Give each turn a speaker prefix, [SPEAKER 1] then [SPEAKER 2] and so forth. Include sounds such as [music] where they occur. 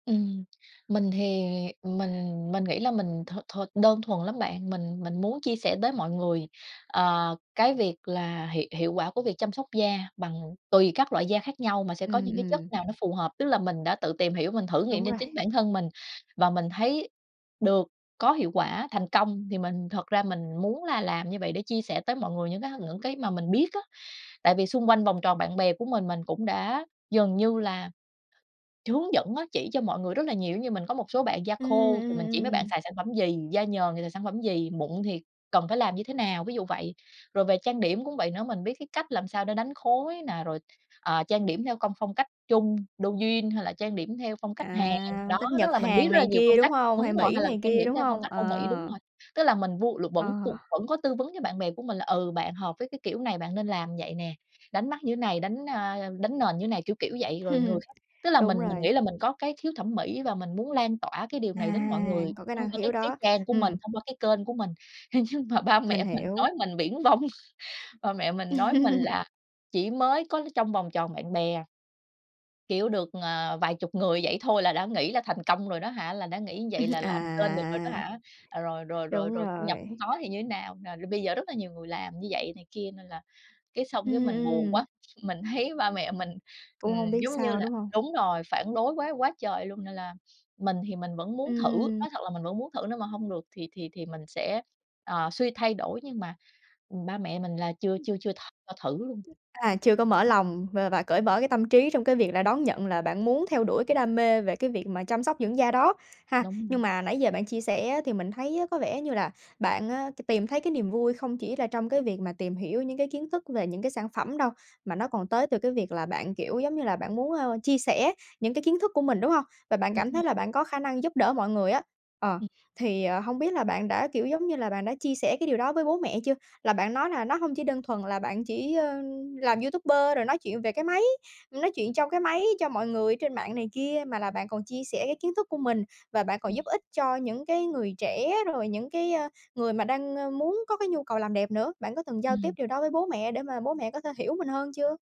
[SPEAKER 1] Ừm, mình thì, ừm, mình mình nghĩ là mình thuần thuần đơn thuần lắm bạn, mình mình muốn chia sẻ tới mọi người, ờ, cái việc là hiệu hiệu quả của việc chăm sóc da bằng tùy các loại da khác nhau, mà sẽ có
[SPEAKER 2] Ừm,
[SPEAKER 1] những cái chất
[SPEAKER 2] ừm.
[SPEAKER 1] nào nó phù hợp. Tức là mình đã tự tìm hiểu mình thử nghiệm
[SPEAKER 2] Đúng
[SPEAKER 1] trên
[SPEAKER 2] rồi.
[SPEAKER 1] chính bản thân mình, và mình thấy được có hiệu quả thành công, thì mình thật ra mình muốn là làm như vậy để chia sẻ tới mọi người những cái những cái mà mình biết á. Tại vì xung quanh vòng tròn bạn bè của mình, mình cũng đã dần như là hướng dẫn á, chỉ cho mọi người rất là nhiều, giống như mình có một số bạn da
[SPEAKER 2] Ừm,
[SPEAKER 1] khô thì
[SPEAKER 2] ừm,
[SPEAKER 1] mình chỉ mấy bạn
[SPEAKER 2] ừm.
[SPEAKER 1] xài sản phẩm gì, da nhờn thì xài sản phẩm gì, mụn thì cần phải làm như thế nào, ví dụ vậy. Rồi về trang điểm cũng vậy nữa, mình biết cái cách làm sao để đánh khối nè, rồi, ờ, trang điểm theo công phong cách Trung, Douyin hay là trang điểm theo phong cách Hàn,
[SPEAKER 2] À,
[SPEAKER 1] đó,
[SPEAKER 2] phong cách
[SPEAKER 1] nó
[SPEAKER 2] Nhật
[SPEAKER 1] là mình biết
[SPEAKER 2] Hàn
[SPEAKER 1] rất là
[SPEAKER 2] này
[SPEAKER 1] nhiều
[SPEAKER 2] kia,
[SPEAKER 1] phong
[SPEAKER 2] đúng
[SPEAKER 1] cách,
[SPEAKER 2] hông?
[SPEAKER 1] đúng
[SPEAKER 2] Hay
[SPEAKER 1] rồi,
[SPEAKER 2] Mỹ
[SPEAKER 1] hay là
[SPEAKER 2] này
[SPEAKER 1] trang
[SPEAKER 2] kia,
[SPEAKER 1] điểm
[SPEAKER 2] đúng
[SPEAKER 1] theo phong
[SPEAKER 2] hông?
[SPEAKER 1] cách Âu Mỹ, đúng
[SPEAKER 2] Ờ.
[SPEAKER 1] rồi. Tức là mình vu là vẫn
[SPEAKER 2] Ờ.
[SPEAKER 1] cu vẫn có tư vấn cho bạn bè của mình là, ừ, bạn hợp với cái kiểu này bạn nên làm vậy nè, đánh mắt như thế này, đánh, a, đánh nền như thế này, kiểu, kiểu vậy, rồi người
[SPEAKER 2] [chuckles]
[SPEAKER 1] khác tức là mình
[SPEAKER 2] Đúng
[SPEAKER 1] mình nghĩ
[SPEAKER 2] rồi.
[SPEAKER 1] là mình có cái khiếu thẩm mỹ, và mình muốn lan tỏa cái điều này đến mọi
[SPEAKER 2] À,
[SPEAKER 1] người
[SPEAKER 2] có cái
[SPEAKER 1] thông
[SPEAKER 2] năng
[SPEAKER 1] qua cái
[SPEAKER 2] khiếu
[SPEAKER 1] cái
[SPEAKER 2] đó.
[SPEAKER 1] trang của mình,
[SPEAKER 2] Ừm.
[SPEAKER 1] thông qua cái kênh của mình. À, nhưng mà ba
[SPEAKER 2] Mình
[SPEAKER 1] mẹ mình nói
[SPEAKER 2] hiểu.
[SPEAKER 1] mình viển vông, ba mẹ mình nói mình
[SPEAKER 2] [laughs]
[SPEAKER 1] là chỉ mới có trong vòng tròn bạn bè. Kiểu được, ờ, vài chục người vậy thôi là đã nghĩ là thành công rồi đó hả, là đã nghĩ như vậy là
[SPEAKER 2] [chuckles]
[SPEAKER 1] làm kênh được rồi đó
[SPEAKER 2] À.
[SPEAKER 1] hả, rồi, rồi, rồi,
[SPEAKER 2] Đúng
[SPEAKER 1] rồi thu nhập
[SPEAKER 2] rồi.
[SPEAKER 1] hông có thì như thế nào, à, bây giờ rất là nhiều người làm như vậy này kia. Nên là cái xong cái
[SPEAKER 2] Ừm,
[SPEAKER 1] mình buồn
[SPEAKER 2] ừm.
[SPEAKER 1] quá, mình thấy ba mẹ mình, ừm,
[SPEAKER 2] Cũng hông biết
[SPEAKER 1] giống như
[SPEAKER 2] sao,
[SPEAKER 1] là
[SPEAKER 2] đúng hông?
[SPEAKER 1] đúng rồi, phản đối quá quá trời luôn, nên là mình thì mình vẫn muốn thử,
[SPEAKER 2] Ừm.
[SPEAKER 1] nói thật là mình vẫn muốn thử nếu mà hông được thì thì thì mình sẽ, ờ, suy thay đổi, nhưng mà, ừm, ba mẹ mình là chưa
[SPEAKER 2] Ừm.
[SPEAKER 1] chưa chưa th cho thử luôn.
[SPEAKER 2] Ừm, à, chưa có mở lòng và và cởi mở cái tâm trí trong cái việc là đón nhận là bạn muốn theo đuổi cái đam mê về cái việc mà chăm sóc dưỡng da đó, ha.
[SPEAKER 1] Đúng rồi.
[SPEAKER 2] Nhưng mà nãy giờ bạn chia sẻ á, thì mình thấy á, có vẻ như là bạn á, t tìm thấy cái niềm vui không chỉ là trong cái việc mà tìm hiểu những cái kiến thức về những cái sản phẩm đâu, mà nó còn tới từ cái việc là bạn, kiểu giống như là, bạn muốn, ơ, chia sẻ những cái kiến thức của mình, đúng hông? Và bạn
[SPEAKER 1] Đúng
[SPEAKER 2] cảm
[SPEAKER 1] rồi.
[SPEAKER 2] thấy là bạn có khả năng giúp đỡ mọi người á, ờ,
[SPEAKER 1] Ừm.
[SPEAKER 2] thì, ờ, hông biết là bạn đã, kiểu giống như là, bạn đã chia sẻ cái điều đó với bố mẹ chưa, là bạn nói là nó hông chỉ đơn thuần là bạn chỉ, ơ, làm YouTuber rồi nói chuyện về cái máy, nói chuyện trong cái máy cho mọi người ở trên mạng này kia, mà là bạn còn chia sẻ cái kiến thức của mình và bạn còn
[SPEAKER 1] Ừm.
[SPEAKER 2] giúp ích cho những cái người trẻ, rồi những cái, ơ, người mà đang, ờ, muốn có cái nhu cầu làm đẹp nữa, bạn có từng giao tiếp
[SPEAKER 1] Ừm.
[SPEAKER 2] điều đó với bố mẹ để mà bố mẹ có thể hiểu mình hơn chưa?